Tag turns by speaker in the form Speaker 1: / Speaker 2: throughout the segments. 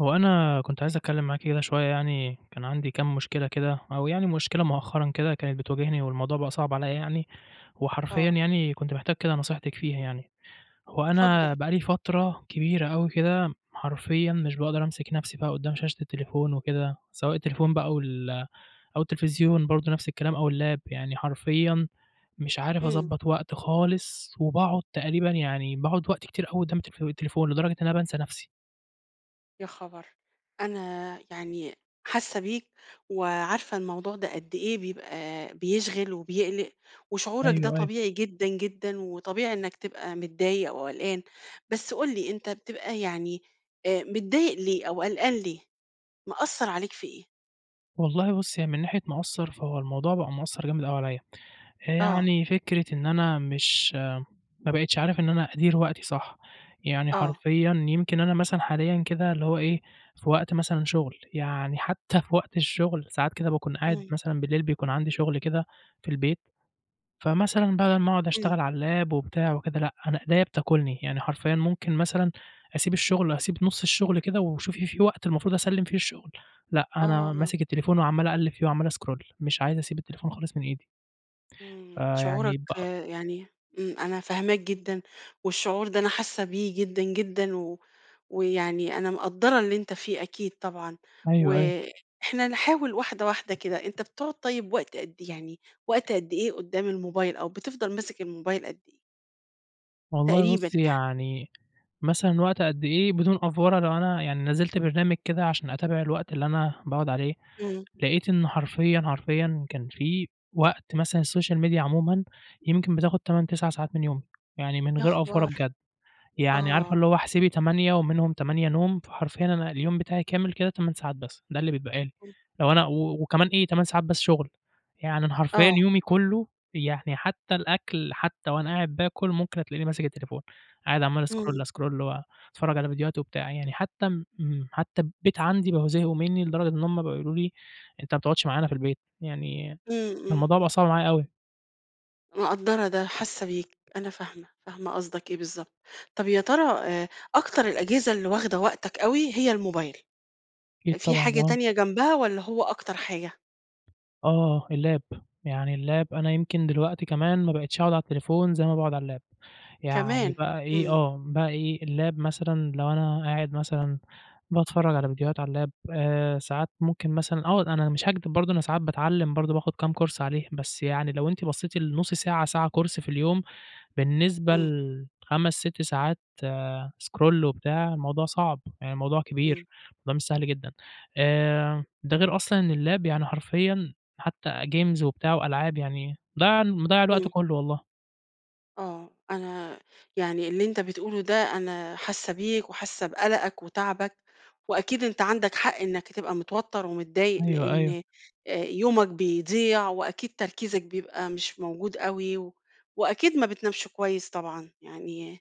Speaker 1: هو أنا كنت عايِز أتكلَّم معاكِ كده شوية يعني، كان عندي كام مشكلة كده، أو يعني مشكلة مؤخرًا كده كانت بتواجِهني، والموضوع بقى صعب عليَّ يعني. وحرفيًا
Speaker 2: آه.
Speaker 1: يعني كنت محتاج كده نصيحتِك فيها يعني. هو
Speaker 2: اتفضل.
Speaker 1: أنا بقى لي فترة كبيرة أوي كده، حرفيًا مش باقدَر أمسِك نفسي بقى قُدَّام شاشة التليفون وكده، سواء التليفون بقى أو ال أو التلفزيون برضو نفس الكلام، أو الlap يعني، حرفيًا مش عارف
Speaker 2: امم.
Speaker 1: أضبّط وقت خالِص، وباقعُد تقريبًا يعني باقعُد وقت كتير أوي قُدَّام التلف التليفون، لدرجة إن أنا بانسى نفسي.
Speaker 2: يا خبر! أنا يعني حاسَّة بيك وعارفة الموضوع ده قد إيه بيبقى بيشغَل وبيقلِّق، وشعورَك ده
Speaker 1: أيوه، أيوه.
Speaker 2: طبيعي جدًا جدًا، وطبيعي إنَّك تبقى متضايِق وقلقان. بس قٌل لي، أنتَ بتبقى يعني آآ، متضايِق ليه أو قلقان ليه؟ مأثّر عليك في إيه؟
Speaker 1: والله بُصي، هي من ناحية مأثِّر، فهو الموضوع بقى مأثِّر جامد أوي عليَّ. آآ،
Speaker 2: آه.
Speaker 1: يعني فكرة إن أنا مش ما بقِيتِش عارِف إن أنا أديِّر وقتي صح، يعني
Speaker 2: آه.
Speaker 1: حرفيًا يمكن أنا مثلًا حاليًا كده، اللي هو إيه، في وقت مثلًا شغل، يعني حتى في وقت الشغل ساعات كده، باكون قاعد
Speaker 2: امم.
Speaker 1: مثلًا بالليل، بيكون عندي شغل كده في البيت. فمثلًا بدَل ما أقعُد
Speaker 2: امم.
Speaker 1: أشتغَل على الlap وبتاع وكده، لأ، أنا إيديَّا بتاكُلني، يعني حرفيًا ممكن مثلًا أسيب الشغل، أسيب نُصّ الشغل كده، وشوفي في وقت المفروض أسلِّم فيه الشغل. لأ، أنا
Speaker 2: آه.
Speaker 1: ماسِك التليفون وعمَّال أقلِّب فيه وعمَّال scroll، مش عايِز أسيب التليفون خالِص من إيدي.
Speaker 2: امم،
Speaker 1: فيعني
Speaker 2: شعورَك
Speaker 1: بق
Speaker 2: يعني، امم، أنا فاهِماك جدًا، والشعور ده أنا حاسَّة بيه جدًا جدًا، و ويعني أنا مقدّرة اللي أنتَ فيه، أكيد طبعًا.
Speaker 1: أيوه، أيوه.
Speaker 2: وإحنا نحاوَل واحدة واحدة كده، أنتَ بتقعد، طيب وقت قد إي يعني، وقت قد إيه قُدَّام الموبايل؟ أو بتفضل ماسك الموبايل قد إيه؟
Speaker 1: والله
Speaker 2: تقريبًا
Speaker 1: بُصّي،
Speaker 2: يعني.
Speaker 1: يعني مثلًا وقت قد إيه بدون أفورة لو أنا يعني نزِّلت برنامج كده علشان أتابع الوقت اللي أنا باقعُد عليه،
Speaker 2: إمم.
Speaker 1: لقيت إنه حرفيًا، حرفيًا كان فيه وقت مثلًا الSocial media عمومًا يمكن بتاخد 8، 9 ساعات من يومي، يعني من
Speaker 2: يا
Speaker 1: غير أفورة
Speaker 2: خبر!
Speaker 1: بجد، يعني عارفة
Speaker 2: آه.
Speaker 1: اللي هو احسبي 8 ومنهم 8 نوم، فحرفيًا أنا اليوم بتاعي كامل كده 8 ساعات بس، ده اللي بيتبقى لي،
Speaker 2: [unintelligible]
Speaker 1: لو أنا و وكمان إيه 8 ساعات بس شُغل، يعني أنا حرفيًا
Speaker 2: آه.
Speaker 1: يومي كلّه يعني، حتى الأكْل، حتى وأنا قاعد بااكُل، ممكن تلاقيني ماسك التليفون، قاعد عمال
Speaker 2: إمم.
Speaker 1: أscroll، أscroll وأتفرّج على فيديوهات وبتاع، يعني حتى م حتى البيت عَندي بقوا زهقوا منّي لدرجة إن هُم بقى يقولوا لي: "أنت ما بتقعُدش معانا في البيت." يعني
Speaker 2: إمم.
Speaker 1: الموضوع بقى
Speaker 2: إمم.
Speaker 1: صعب معايا أوي.
Speaker 2: مقدّرة ده، حاسّة بيك، أنا فاهمة، فاهمة قصدَك إيه بالضبط. طَب يا ترى آآ، أكتر الأجهزة اللي واخدة وقتَك أوي هي الmobile،
Speaker 1: أكيد
Speaker 2: في
Speaker 1: طبعًا،
Speaker 2: حاجة
Speaker 1: آه.
Speaker 2: تانية جنبها والّا هو أكتر حاجة؟
Speaker 1: آه اللاب يعني اللاب أنا يمكن دلوقتي كمان ما بقتش أقعُد على التليفون زي ما باقعُد على اللاب يعني
Speaker 2: كمان!
Speaker 1: بقى إيه،
Speaker 2: إمم.
Speaker 1: آه، بقى إيه، اللاب مثلًا لو أنا قاعد مثلًا باتفرّج على فيديوهات على اللاب آآ ساعات ممكن مثلًا أقعُد أنا مش هاكدِب برضه أنا ساعات باتعلّم برضه باخد كام course عليه، بس يعني لو أنتِ بصّيتِ لنُص ساعة، ساعة course في اليوم بالنسبة
Speaker 2: إمم.
Speaker 1: ل5، 6 ساعات scroll وبتاع الموضوع صعب، يعني الموضوع
Speaker 2: إمم.
Speaker 1: كبير، الموضوع مش سهل جدًا، آآ ده غير أصلًا إن اللاب يعني حرفيًا حتى games وبتاع وألعاب، يعني ضيّع مضيّع الوقت
Speaker 2: إمم.
Speaker 1: كلّه والله.
Speaker 2: آه، أنا يعني اللي أنتَ بتقوله ده، أنا حاسَّة بيك وحاسَّة بقلقَك وتعَبَك، وأكيد أنتَ عندَك حق إنَّك هتبقى متوتّر ومتضايِق،
Speaker 1: أيوه، أيوه.
Speaker 2: لإن آآ، يومك بيضيع، وأكيد تركيزَك بيبقى مش موجود أوي، وأكيد ما بتنامش كويِس طبعًا، يعني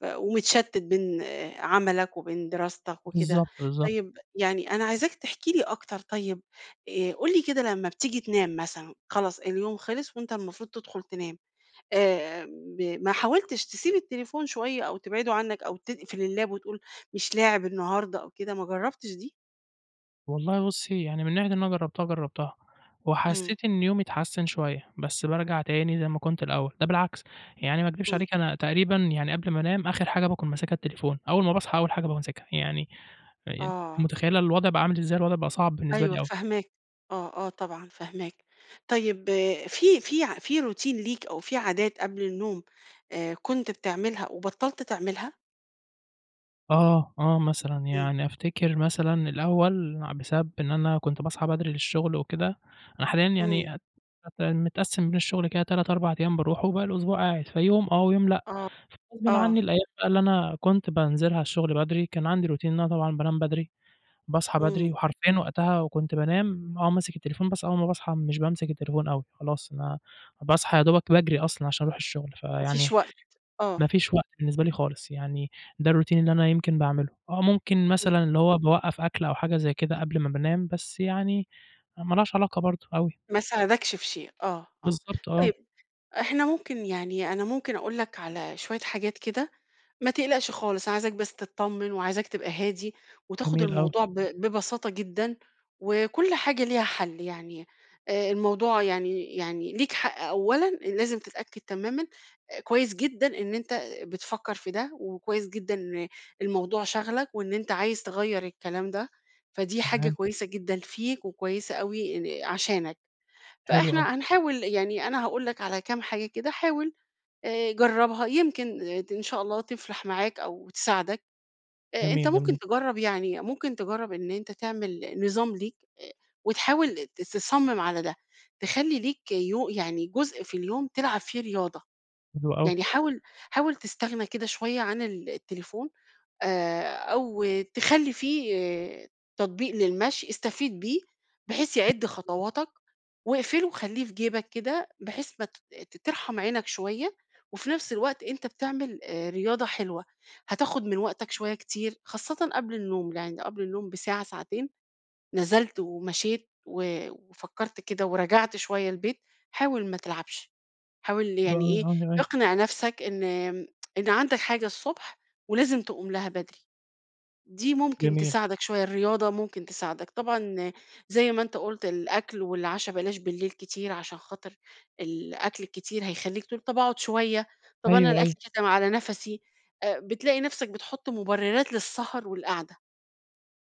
Speaker 2: ف ومتشتِّت بين عمَلَك وبين دراستَك وكده.
Speaker 1: بالضبط، بالضبط.
Speaker 2: طيب يعني، أنا عايزاك تحكِي لي أكتر. طيب آآ، قُل لي كده، لمَّا بتيجي تنام مثلًا، خلاص اليوم خلَّص وأنتَ المفروض تدخُل تنام، آآ ب ما حاولتِش تسيب التليفون شوية أو تبعّده عنك، أو تقفل الlap وتقول: "مش لاعِب النهارده أو كده"؟ ما جرَّبتش دي؟
Speaker 1: والله بُصي، يعني من ناحية إن أنا جرَّبتها، جرَّبتها
Speaker 2: امم.
Speaker 1: وحسّيت إن يومي اتحسَّن شوية، بس بارجع تاني زي ما كنت الأوَّل. ده بالعكس يعني، ما أكدِبِش
Speaker 2: امم.
Speaker 1: عليكِ، أنا تقريبًا يعني قبل ما أنام، آخِر حاجة باكون ماسِكها التليفون، أوَّل ما باصحى، أوَّل حاجة بامسِكها. يعني يع أنتِ
Speaker 2: آه.
Speaker 1: متخيِّلة الوضع بقى عامل إزاي؟ الوضع بقى صعب بالنسبة
Speaker 2: أيوه،
Speaker 1: لي أوي.
Speaker 2: فاهماك، آه آه، طبعًا فاهماك. طيب في في في routine ليك، أو فيه عادات قبل النوم، آآ، كنت بتعملها وبطَّلت تعملها؟
Speaker 1: آه، آه مثلًا،
Speaker 2: إمم.
Speaker 1: يعني أفتكِر مثلًا الأول ع بسبب إن أنا كنت باصحى بدري للشُّغل وكده، أنا حاليًا
Speaker 2: إمم.
Speaker 1: يعني أت أت متقسِّم بين الشُّغل كده 3 4 أيام باروحُه وباقي الأسبوع قاعد، فيوم آه، ويوم لأ،
Speaker 2: آه،
Speaker 1: يعني غصبٍ عني
Speaker 2: آه.
Speaker 1: الأيام بقى اللي أنا كنت بانزِلها الشُّغل بدري، كان عندي Routine إن أنا طبعًا بانام بدري، باصحى بدري،
Speaker 2: إمم.
Speaker 1: وحرفيًا وقتها وكنت بانام آه، ماسك التليفون، بس أول ما باصحى مش بامسك التليفون أوي، خلاص أنا باصحى يا دوبك باجري أصلًا علشان أروح الشُّغل،
Speaker 2: ما
Speaker 1: فيعني
Speaker 2: فيش وقت، آه.
Speaker 1: مفيش وقت بالنسبة لي خالص، يعني ده الRoutine اللي أنا يمكن باعمِله، آه، ممكن
Speaker 2: إمم.
Speaker 1: مثلًا اللي هو باوقَّف أكل أو حاجة زي كده قبل ما بانام، بس يعني ما لهاش علاقة برضه أوي.
Speaker 2: ما ساعدكش في شيء آه، آه،
Speaker 1: بالضبط، آه.
Speaker 2: طيب إحنا ممكن يعني أنا ممكن أقول لَك على شوية حاجات كده، ما تقلقش خالص، عايزاك بس تطّمن، وعايزاك تبقى هادي، وتاخُد
Speaker 1: جميل أوي.
Speaker 2: الموضوع ب ببساطة جدًا، وكُلّ حاجة ليها حل يعني، آآ الموضوع يعني يعني ليك حق أولًا، لازم تتأكد تمامًا آآ كويس جدًا إن أنت بتفكّر في ده، وكويس جدًا إن الموضوع شاغلَك، وإن أنت عايز تغيّر الكلام ده، فدي حاجة
Speaker 1: تمام.
Speaker 2: كويسة جدًا فيك وكويسة أوي آآ عشانَك،
Speaker 1: حلو أوي.
Speaker 2: فإحنا هنحاول يعني أنا هاقول لَك على كام حاجة كده، حاول آآ جربها يمكن ت إن شاء الله تفلح معاك أو تساعدك، آآ أنت
Speaker 1: جميل،
Speaker 2: ممكن
Speaker 1: جميل.
Speaker 2: تجرب يعني ممكن تجرب إن أنت تعمِل نظام ليك، آآ وتحاول ت تصمم على ده، تخلّي ليك يو يعني جزء في اليوم تلعب فيه رياضة،
Speaker 1: حلو أوي.
Speaker 2: يعني حاول حاول تستغنى كده شوية عن التليفون، آآ أو تخلّي فيه تطبيق للمشي استفيد بيه بحيث يعد
Speaker 1: [unintelligible]
Speaker 2: خطواتَك، واقفله وخلّيه في جيبك كده، بحيث ما ت ت ترحم عينك شوية، وفي نفس الوقت أنت بتعمل آآ رياضة حلوة، هتاخد من وقتَك شوية كتير، خاصةً قبل النوم، يعني قبل النوم بساعة ساعتين، نزلت ومشيت و وفكّرت كده ورجعت شوية البيت، حاول ما تلعبش، حاول
Speaker 1: حلو
Speaker 2: يعني
Speaker 1: أوي،
Speaker 2: إيه
Speaker 1: آه، تمام.
Speaker 2: اقنع نفسَك إن إن عندَك حاجة الصبح، ولازم تقوم لها بدري، دي ممكن
Speaker 1: جميل.
Speaker 2: تساعدَك شوية، الرياضة ممكن تساعدَك، طبعًا زي ما أنت قُلت الأكل والعشا بلاش بالليل كتير، علشان خاطر الأكل الكتير هيخلِّيك تقول طَب أقعُد شوية، طَب أنا
Speaker 1: أيوه،
Speaker 2: الأكل
Speaker 1: أيوه.
Speaker 2: كاتم على نفسي، آآ بتلاقي نفسَك بتحُطّ مُبررات للسهر والقعدة.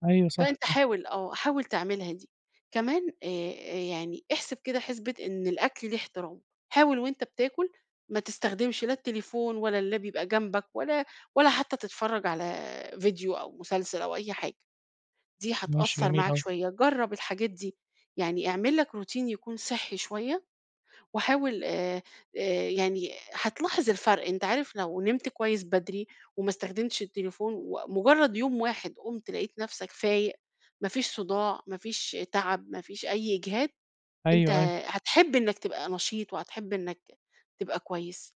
Speaker 1: أيوه صح،
Speaker 2: فانت
Speaker 1: صح.
Speaker 2: حاول آه، حاول تعملها دي، كمان آآ آآ يعني احسب كده حسبة إن الأكل ليه احترامُه، حاول وأنت بتاكل ما تستخدمش لا التليفون ولا اللاب بيبقى جنبَك، ولا ولا حتى تتفرج على فيديو أو مسلسل أو أي حاجة، دي
Speaker 1: ماشي
Speaker 2: هتأثّر
Speaker 1: جميل
Speaker 2: معاك
Speaker 1: أوي.
Speaker 2: شوية، جرب الحاجات دي، يعني اعمل لَك Routine يكون صحّي شوية، وحاول آآ آآ يعني هتلاحظ الفرق أنت عارف لو نمت كويس بدري، وما استخدمتش التليفون، ومجرَّد يوم واحد قُمت لقيت نفسك فايق، ما فيش صُداع، ما فيش تعب، ما فيش أي إجهاد، أنت
Speaker 1: أيوه، أيوه.
Speaker 2: هتحب إنَّك تبقى نشيط وهتحب إنَّك ت تبقى كويس،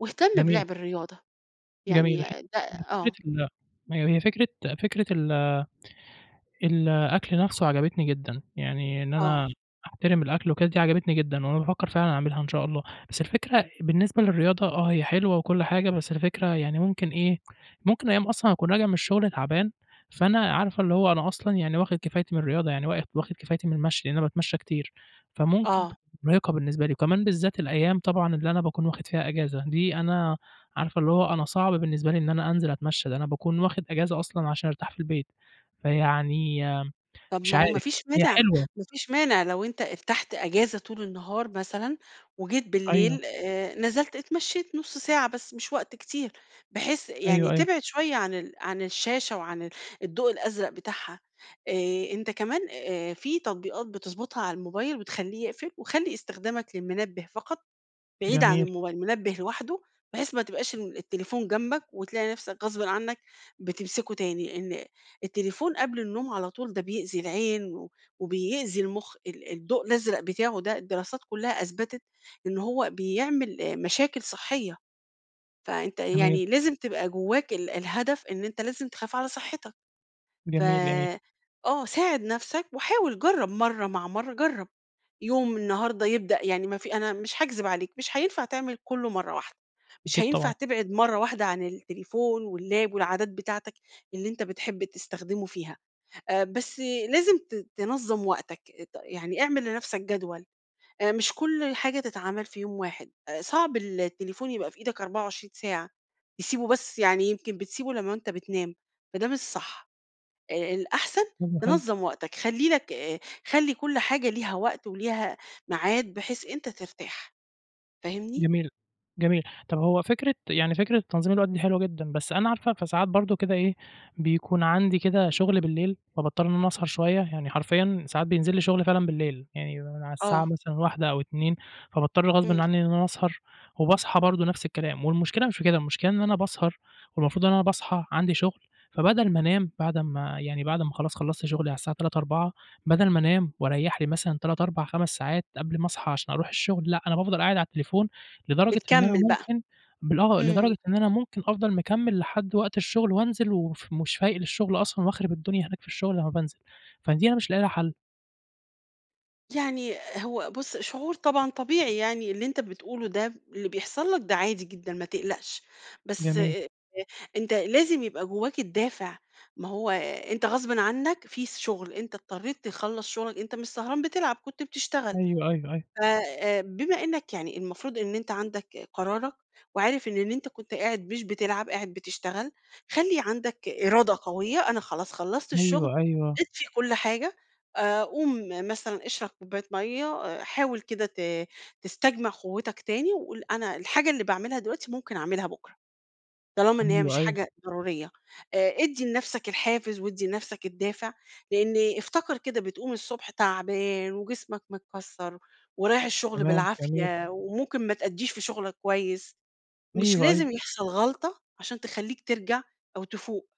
Speaker 2: واهتم
Speaker 1: جميل.
Speaker 2: بلعب الرياضة،
Speaker 1: جميل
Speaker 2: يعني
Speaker 1: هي
Speaker 2: ده
Speaker 1: هي فكرة
Speaker 2: آه.
Speaker 1: ال هي هي فكرة فكرة ال الأكل نفسُه عجبتني جدًا، يعني إن
Speaker 2: آه.
Speaker 1: أنا أحترم الأكل وكده دي عجبتني جدًا، وأنا بافكر فعلًا أعملها إن شاء الله، بس الفكرة بالنسبة للرياضة آه، هي حلوة وكُلّ حاجة، بس الفكرة يعني ممكن إيه ممكن أيام أصلًا هاكون راجع من الشُّغل تعبان، فأنا عارفة اللي هو أنا أصلًا يعني واخد كفايتي من الرياضة، يعني وا واخد واخد كفايتي من المشي، لإن أنا باتمشى كتير، فممكن
Speaker 2: آه.
Speaker 1: تبقى مُرهقة بالنسبة لي، وكمان بالذات الأيام طبعًا اللي أنا باكون واخد فيها إجازة، دي أنا عارفة اللي هو أنا صعب بالنسبة لي إن أنا أنزِل أتمشى، ده أنا باكون واخد إجازة أصلًا علشان أرتاح في البيت، فيعني
Speaker 2: طَب
Speaker 1: مش
Speaker 2: ما هو ما
Speaker 1: عارف
Speaker 2: فيش
Speaker 1: هي
Speaker 2: مانع
Speaker 1: حلوة.
Speaker 2: ما فيش مانع لو أنت ارتحت إجازة طول النهار مثلًا، وجيت
Speaker 1: أيوه.
Speaker 2: بالليل آآ نزلت اتمشيت نُص ساعة بس مش وقت كتير، بحيث يعني
Speaker 1: أيوه، أيوه.
Speaker 2: تبعد شوية عن ال عن الشاشة وعن ال الضوء الأزرق بتاعها، آآ أنت كمان آآ فيه تطبيقات بتضبطها على الموبايل، بتخلّيه يقفل، وخلّي استخدامك للمنبه فقط بعيد عن
Speaker 1: جميل.
Speaker 2: الموبايل، منبه لوحده، بحيث ما تبقاش ال التليفون جنبَك، وتلاقي نفسك غصبٍ عنَّك بتمسكُه تاني، إن التليفون قبل النوم على طول ده بيأذي العين، و وبيأذي المُخ ال الضوء الأزرق بتاعه ده الدراسات كُلها أثبتت، إن هو بيعمل مشاكل صحيّة، فأنت
Speaker 1: جميل.
Speaker 2: يعني لازم تبقى جوّاك ال الهدف إن أنت لازم تخاف على صحتك، ف
Speaker 1: جميل، جميل.
Speaker 2: آه، ساعد نفسَك، وحاول جرّب مَرّة مع مَرّة جرَب، يوم النهارده يبدأ يعني ما في أنا مش هاكذب عليك، مش هينفع تعمل كُلّه مَرّة واحدة، مش
Speaker 1: أكيد
Speaker 2: هينفع
Speaker 1: طبعًا.
Speaker 2: تبعد مَرّة واحدة عن التليفون واللاب والعادات بتاعتَك، اللي أنت بتحب تستخدمه فيها، آآ بس لازم ت تنظَّم وقتَك، ط يعني اعمل لنفسَك جدول، آآ مش كُلّ حاجة تتعمل في يوم واحد، آآ صعب ال التليفون يبقى في إيدك 24 ساعة، تسيبُه بس يعني يمكن بتسيبُه لمّا أنت بتنام، فده مش صح، آآ الأحسن
Speaker 1: حلو، حلو.
Speaker 2: تنظَّم وقتَك، خلّي لَك آآ خلّي كُلّ حاجة ليها وقت، وليها ميعاد بحيث أنت ترتاح، فاهمني؟
Speaker 1: جميل، جميل، طَب هو فكرة يعني فكرة تنظيم الوقت دي حلوة جدًا، بس أنا عارفة فساعات برضه كده إيه بيكون عندي كده شُّغل بالليل، فباضطر إن أنا أسهر شوية، يعني حرفيًا ساعات بينزِل لي شُغل فعلًا بالليل، يعني على
Speaker 2: آه.
Speaker 1: الساعة مثلًا 01:00 أو 02:00 فباضطر غصبٍ
Speaker 2: إمم.
Speaker 1: عنّي إن أنا أسهر، وباصحى برضه نفس الكلام، والمشكلة مش في كده، المشكلة إن أنا باسهر، والمفروض إن أنا باصحى عندي شُغل، فبدل ما أنام بعد أمّا يعني بعد أمّا خلاص خلصت شُغلي على الساعة 03:00 04:00 بدل ما أنام وأريّح لي مثلًا 3، 4، 5 ساعات قبل ما أصحى عشان أروح الشُّغل، لأ، أنا بافضل قاعد على التليفون، لدرجة إن أنا
Speaker 2: بتكمَِّل بقى،
Speaker 1: ممكن بال آه،
Speaker 2: إمم.
Speaker 1: لدرجة إن أنا ممكن أفضل مكمِّل لحد وقت الشُّغل وأنزِل وف ومش فايق للشُغل أصلًا، وأخرب الدنيا هناك في الشغل لمّا بانزِل، فدي أنا مش لاقي لها حَلّ.
Speaker 2: يعني هو بُص، شعور طبعًا طبيعي يعني، اللي أنتَ بتقوله ده، اللي بيحصل لك ده، عادي جدًا، ما تقلَقش. بس
Speaker 1: جميل.
Speaker 2: آآ، أنتَ لازِم يبقى جوَّاك الدافع. ما هو، آآ، أنتَ غصبًا عنك، في س شغل، أنتَ اضطرِيت تخلَّص شغلَك، أنتَ مش سهران بتلعب، كنت بتشتغل.
Speaker 1: أيوه، أيوه، أيوه.
Speaker 2: ف آآ بمّا إنَّك يعني المفروض إن أنتَ عندك قرارك وعارف إن أنتَ كنت قاعد مش بتلعب، قاعد بتشتغَل، خلِّي عندَك إرادة قويَّة "أنا خلاص خلَّصت الشغل،
Speaker 1: أيوه، أيوه.
Speaker 2: اطفِّي كل حاجة." آآ، قوم مثلًا اشرَب كوباية مَيَّة، آآ، حاوَل كده ت تستجمِع قوَّتَك تاني وقل: "أنا الحاجة اللي باعمَلها دلوقتي، ممكن أعملها بُكرة، طالما إن هي
Speaker 1: أيوه،
Speaker 2: مش
Speaker 1: أيوه.
Speaker 2: حاجة ضرورية." آآ، ادِّي لنفسَك الحافز وأدِّي لنفسَك الدافِع، لإن افتكر كده، بتقوم الصبح تعبان وجسمك متكسّر، ورايِح الشغل
Speaker 1: تمام، جميل.
Speaker 2: بالعافية، وممكن ما تأدِّيش في شغلَك كويِس. مش
Speaker 1: أيوه، أيوه.
Speaker 2: لازِم يحصل غلَطة عشان تخلِّيك ترجع أو تفوق.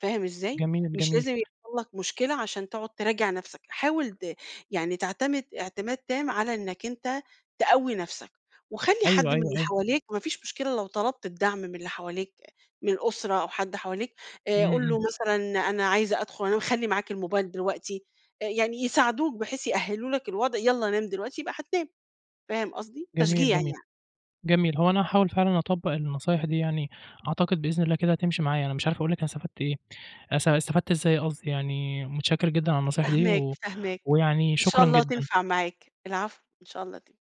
Speaker 2: فاهم إزاي؟
Speaker 1: جميل،
Speaker 2: مش
Speaker 1: جميل.
Speaker 2: لازِم يحصل لك مشكلة عشان تقعد تراجع نفسَك. حاول ت يعني تعتمد اعتماد تام على إنَّك أنتَ تقوِّي نفسَك. وخلِّي
Speaker 1: أيوه،
Speaker 2: حد من
Speaker 1: أيوه،
Speaker 2: اللي
Speaker 1: أيوه.
Speaker 2: حوالِيك، مفيش مشكلة لو طلَبت الدعم من اللي حوالِيك، من الأسرة أو حد حواليك. آآ،
Speaker 1: امم،
Speaker 2: قُل له
Speaker 1: امم.
Speaker 2: مثلًا: "أنا عايِز أدخُل أنام، خلِّي معاك الموبايل دلوقتي." آآ، يعني يساعدوك، بحيث يأهِّلوا لك الوضع: "يالَّا، نام دلوقتي، يبقى هتنام." فاهم قصدي؟ تشجيع
Speaker 1: جميل، جميل،
Speaker 2: يعني.
Speaker 1: جميل. هو أنا هاحاول فعلًا أطبّق النصايِح دي يعني، أعتقد بإذن الله كده تمشِي معايا. أنا مش عارف أقول لكِ أنا استفدت إيه، أست استفدت إزاي قصدي، يعني متشكر جدًا على النصايِح دي،
Speaker 2: فاهِماك،
Speaker 1: و
Speaker 2: فاهِماك.
Speaker 1: ويعني
Speaker 2: إن شاء
Speaker 1: شكرًا
Speaker 2: الله
Speaker 1: جدًا.
Speaker 2: تنفع معاك. العفو، إن شاء الله تن